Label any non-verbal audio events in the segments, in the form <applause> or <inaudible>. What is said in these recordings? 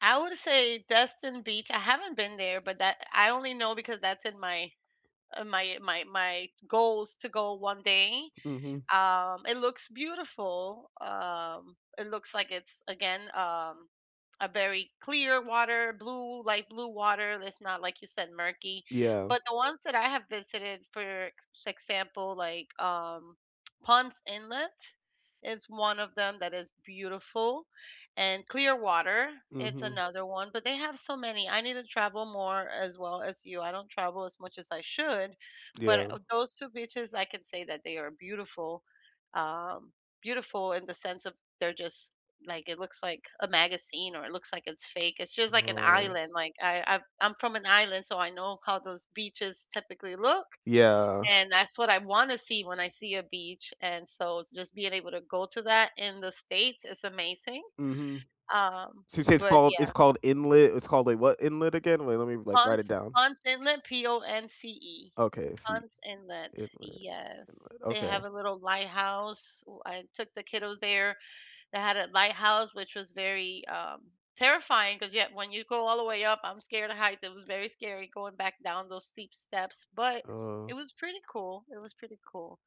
I would say Destin Beach, I haven't been there, but that I only know because that's in my uh, my my my goals to go 1 day. Mhm. Um, it looks beautiful. Um, it looks like it's again, um, a very clear water, blue, light-blue water, it's not, like you said, murky. Yeah. But the ones that I have visited, for ex example, like, um, <tsk> Ponce Inlet, is one of them that is beautiful, and Clearwater, it's Mhm. another one, but they have so many. I need to travel more, as well as you, I don't travel as much as I should, but, Yeah. uh, those 2 beaches, I can say that they are beautiful- um, beautiful in the sense of, they're just, like, it looks like a magazine, or it looks like it's fake. It's just like an Oh. island, like, I I I'm from an island, so I know how those beaches typically look, Yeah. and that's what I wanna see when I see a beach, and so, just being able to go to that in the States is amazing, Mhm. um, So, you say it's but called yeah. it's called inlet it's called, like, what inlet again? Wait, let me, like, write it Ponce down. Ponce Inlet, P-O-N-C-E. Okay, I see. Ponce Inlet, Inlet, yes. inlet, They have okay. a little lighthouse, wh I took the kiddos there. That had a lighthouse, which was very, um, terrifying, 'cause yeah, when you go all the way up- I'm scared of heights- it was very scary going back down those steep steps, but it Oh. was pretty cool, it was pretty cool.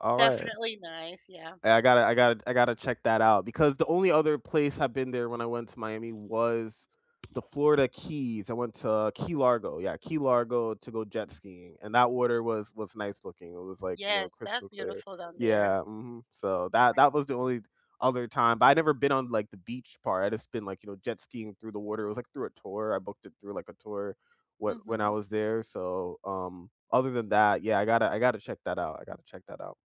All right. Definitely nice, yeah. Hey, I gotta I gotta I gotta check that out because the only other place I've been there, when I went to Miami, was the Florida Keys, I went to Key Largo. Yeah, Key Largo, to go jet skiing, and that water was was nice looking, It was like, you know, Yes, that's crystal clear. beautiful down there. Yeah. Mhm. So, that Right. that was the only other time, but I'd never been on, like, the beach part. I'd just been, like, you know, jet skiing through the water it was, like, through a tour, I booked it through, like, a tour, when when I Mhm. was there, so, um, other than that, yeah, I gotta I gotta check that out. I gotta check that out.